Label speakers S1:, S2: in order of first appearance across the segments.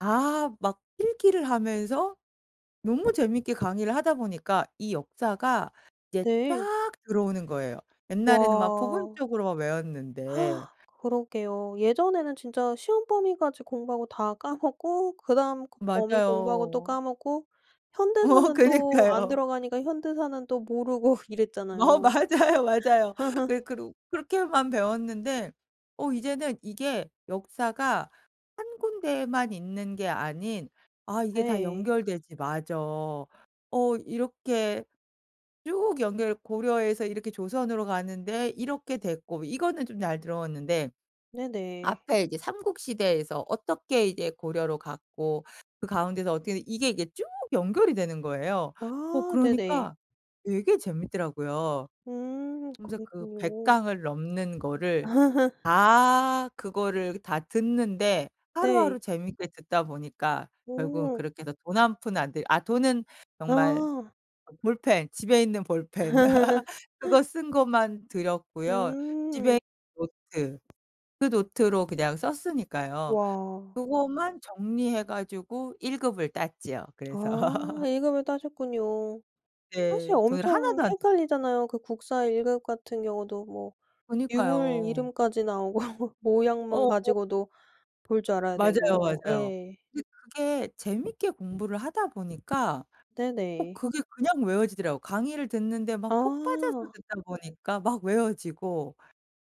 S1: 아 막 필기를 하면서 너무 재밌게 강의를 하다 보니까 이 역사가 이제
S2: 네.
S1: 쫙 들어오는 거에요. 옛날에는 막
S2: 와.
S1: 부분적으로만 외웠는데.
S2: 그러게요. 예전에는 진짜 시험 범위까지 공부하고 다 까먹고 그다음 그 범위 공부하고 또
S1: 맞아요.
S2: 까먹고
S1: 어
S2: 현대사는 또 안
S1: 그니까요.
S2: 들어가니까 현대사는 또 모르고
S1: 어
S2: 이랬잖아요.
S1: 맞아요, 맞아요. 그래 그룩 그렇게만 배웠는데 어 이제는 이게 역사가 1 군데만 있는 게 아닌 아 이게 다
S2: 네.
S1: 연결되지 맞아. 어 이렇게 쭉 연결 고려에서 이렇게 조선으로 가는데 이렇게 됐고 이거는 좀 잘 들어왔는데
S2: 네네.
S1: 앞에 이제 삼국 시대에서 어떻게 이제 고려로 갔고 그 가운데서 어떻게 이게 이게 쭉 연결이 되는 거예요. 어
S2: 아 네네.
S1: 그러니까 되게 재밌더라고요.
S2: 음
S1: 그러면서 그 100
S2: 그랬군요.
S1: 강을 넘는 거를 다 그거를 다 듣는데
S2: 네.
S1: 하루하루 재밌게 듣다 보니까 결국은
S2: 오.
S1: 그렇게 해서 돈 1 푼 안 들이 아 돈은 정말
S2: 아.
S1: 어 볼펜 집에 있는 볼펜 그거 쓴 것만 들었고요. 집에
S2: 음.
S1: 있는 노트 그 노트로 그냥 썼으니까요.
S2: 와.
S1: 그거만 정리해 가지고 1 급을 땄지요, 그래서.
S2: 아 1 급을 따셨군요. 사실
S1: 네. 돈을
S2: 엄청
S1: 하나도 안 들여
S2: 헷갈리잖아요. 그 국사 1 급 같은 경우도 뭐 유물
S1: 그니까요.
S2: 이름까지 나오고 모양만
S1: 어 어.
S2: 가지고도 볼 줄 알아야
S1: 맞아요,
S2: 되고
S1: 맞아요.
S2: 예.
S1: 그 그게 재밌게 공부를 하다 보니까 어
S2: 네네.
S1: 그게 그냥 외워지더라고. 강의를 듣는데 막 폭 빠져서
S2: 아.
S1: 듣다 보니까 막 외워지고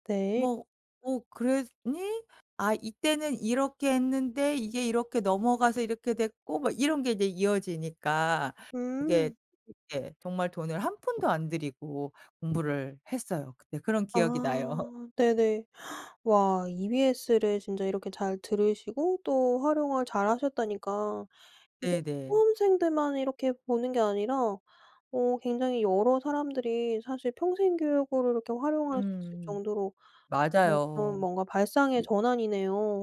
S2: 네.
S1: 뭐 "어 그랬니?" 아 이때는 이렇게 했는데 이게 이렇게 넘어가서 이렇게 됐고 막 이런 게 이제 이어지니까
S2: 음.
S1: 이게 이렇게 정말 돈을 1 푼도 안 들이고 공부를 했어요. 그때 그런 기억이 나요.
S2: 아 네네. 와 EBS를 진짜 이렇게 잘 들으시고 또 활용을 잘하셨다니까 이게
S1: 네네.
S2: 수험생들만 이렇게 보는 게 아니라 어 굉장히 여러 사람들이 사실 평생 교육으로 이렇게 활용할 수 있을
S1: 음
S2: 정도로 정말 조금
S1: 맞아요.
S2: 뭔가 발상의
S1: 이
S2: 전환이네요.